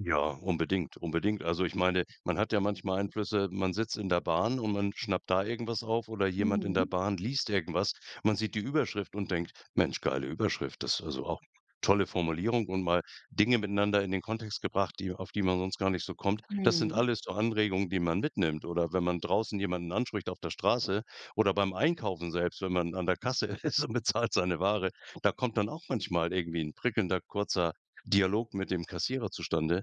Ja, unbedingt, unbedingt. Also, ich meine, man hat ja manchmal Einflüsse man sitzt in der Bahn und man schnappt da irgendwas auf oder jemand in der Mhm. Bahn liest irgendwas. Man sieht die Überschrift und denkt, Mensch, geile Überschrift. Das also auch tolle Formulierung und mal Dinge miteinander in den Kontext gebracht, die auf die man sonst gar nicht so kommt. Das sind Mhm. alles so Anregungen, die man mitnimmt oder wenn man draußen jemanden anspricht auf der Straße oder beim Einkaufen selbst, wenn man an der Kasse ist und bezahlt seine Ware, da kommt dann auch manchmal irgendwie 'n prickelnder, kurzer Dialog mit dem Kassierer zustande,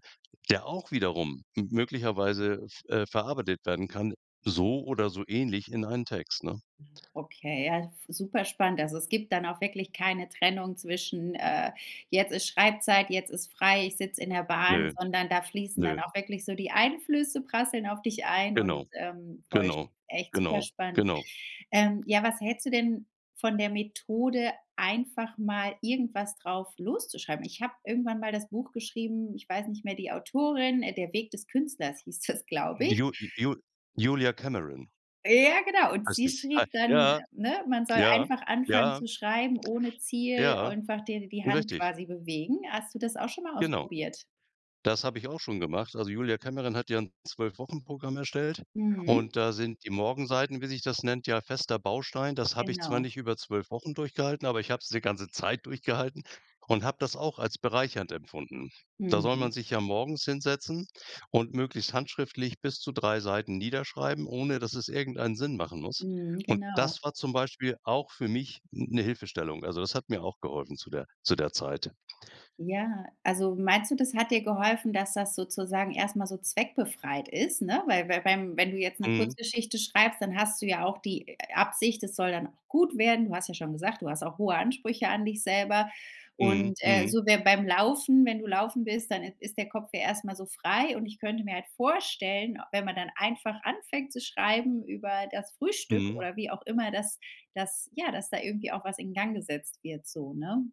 der auch wiederum m möglicherweise v äh, verarbeitet werden kann, so oder so ähnlich in einen Text, ne? Hm, okay, ja, super spannend. Also, es gibt dann auch wirklich keine Trennung zwischen, äh, jetzt ist Schreibzeit, jetzt ist frei, ich sitze in der Bahn, Nö. sondern da fließen Nö. dann auch wirklich so die Einflüsse prasseln auf dich ein und, Genau. ähm, voll sp Genau. echt super Genau. spannend. Genau. Ähm, ja, was hältst du denn von der Methode, einfach mal irgendwas drauf loszuschreiben? Ich habe irgendwann mal das Buch geschrieben, ich weiß nicht mehr, die Autorin, äh, der Weg des Künstlers hieß das, glaube ich. Ju Ju Julia Cameron. Ja, genau. Und Heißt sie die. Ha schrieb dann äh, ja. ne? Man soll Ja. einfach anfangen Ja. zu schreiben ohne Ziel, Ja. einfach dir die Hand Richtig. quasi bewegen. Hast du das auch schon mal Genau. ausprobiert? Das habe ich auch schon gemacht. Also Julia Cameron hat ja 'n 12- Wochen-Programm erstellt Mhm. und da sind die Morgenseiten, wie sich das nennt, ja fester Baustein. Das habe ich zwar Genau. nicht über 12- Wochen durchgehalten, aber ich habe es die ganze Zeit durchgehalten und habe das auch als bereichernd empfunden. Da soll Mhm. man sich ja morgens hinsetzen und möglichst handschriftlich bis zu 3 Seiten niederschreiben, ohne dass es irgendeinen Sinn machen muss. Mhm. Und Genau. das war zum Beispiel auch für mich n 'ne Hilfestellung. Also, das hat mir auch geholfen zu der zu der Zeit. Ja, also, meinst du, das hat dir geholfen, dass das sozusagen erst mal so zweckbefreit ist, ne? Weil weil wenn wenn du jetzt 'ne Mhm. Kurzgeschichte schreibst, dann hast du ja auch die, äh, Absicht, es soll dann auch gut werden. Du hast ja schon gesagt, du hast auch hohe Ansprüche an dich selber. Mhm. Und, äh, Mhm. so wäre beim Laufen wenn du Laufen bist, dann i ist der Kopf ja erst mal so frei. Und ich könnte mir halt vorstellen, wenn man dann einfach anfängt zu schreiben über das Frühstück Mhm. oder wie auch immer, dass dass ja, dass da irgendwie auch was in Gang gesetzt wird so, ne?